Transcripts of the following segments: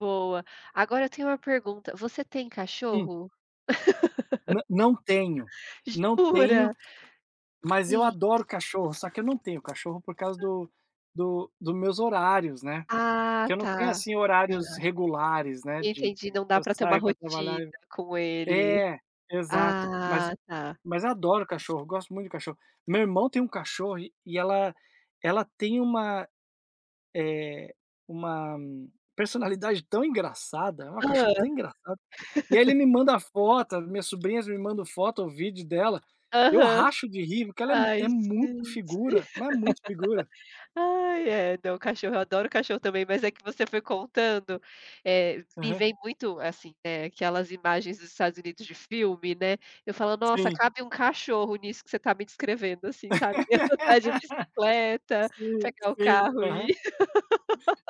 Boa. Agora eu tenho uma pergunta, você tem Hum. cachorro? Não, não tenho, não tenho, Jura. mas eu E adoro cachorro, só que eu não tenho cachorro por causa do do dos meus horários, né, Ah que eu não tá, tenho, assim, horários aham. regulares, né, de Entendi não dá eu pra ter uma saio para trabalhar rotina eu com ele. É, exato. Mas Ah tá. mas adoro cachorro, gosto muito de cachorro. Meu irmão tem um cachorro e ela ela tem uma, eh, uma personalidade tão engraçada, é uma Hã. cachorra tão engraçada. E aí, ele me manda foto, minhas sobrinhas me mandam foto ou vídeo dela. Eu Aham. racho de rir, porque ela Ai é muito gente. figura, mas é muito figura. Ai é, não, cachorro, adoro cachorro também, mas é que você foi contando, eh, me Aham. vem muito assim, ne, aquelas imagens dos Estados Unidos de filme, né, eu falo: "Nossa, Sim. cabe um cachorro nisso que você tá me descrevendo", assim, sabe, andar de bicicleta, Sim, pegar o sim, carro aham. e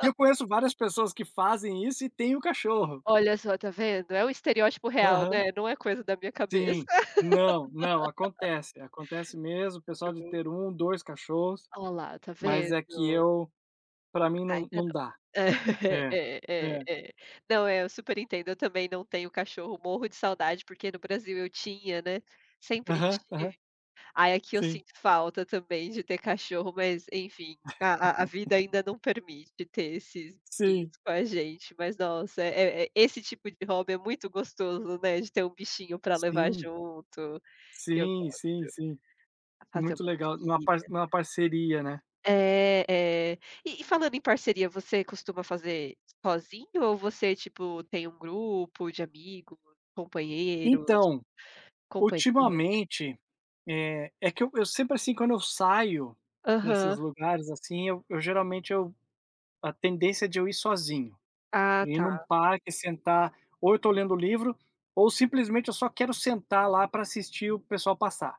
E eu conheço várias pessoas que fazem isso e tem o cachorro. Olha só está vendo? É um estereótipo real, Aham. né, não é coisa da minha cabeça. Sim, não, não, acontece. Acontece mesmo, o pessoal de Uhum. ter 1, 2 cachorros, Oh lá está mas é que vendo? eu para mim não Ainda não não. dá. É É, é é é. é. Não é, eu super entendo, eu também não tenho cachorro, morro de saudade, porque no Brasil eu tinha, né, sempre Aham, aham. tive. Aí aqui eu Sim. sinto falta também de ter cachorro, mas enfim a a vida ainda não permite ter esses bichinhos Sim. com a gente, mas nossa é é esse tipo de hobby é muito gostos,o né, de ter um bichinho pra levar Sim. junto, eu Sim, gosto. sim, sim. Fazer Muito uma legal, numa parc trilha. numa parceria, né? É é, e falando em parceria você costuma fazer sozinho ou você tipo tem um grupo de amigo, companheiros, Então, companhias? ultimamente, eh, é que eu sempre assim, quando eu saio nesses Aham. lugares assim, eu geralmente eu a tendência é de eu ir sozinho. Ah Ir num tá. parque, sentar, ou eu estou lendo o livro ou simplesmente eu só quero sentar lá pra assistir o pessoal passar.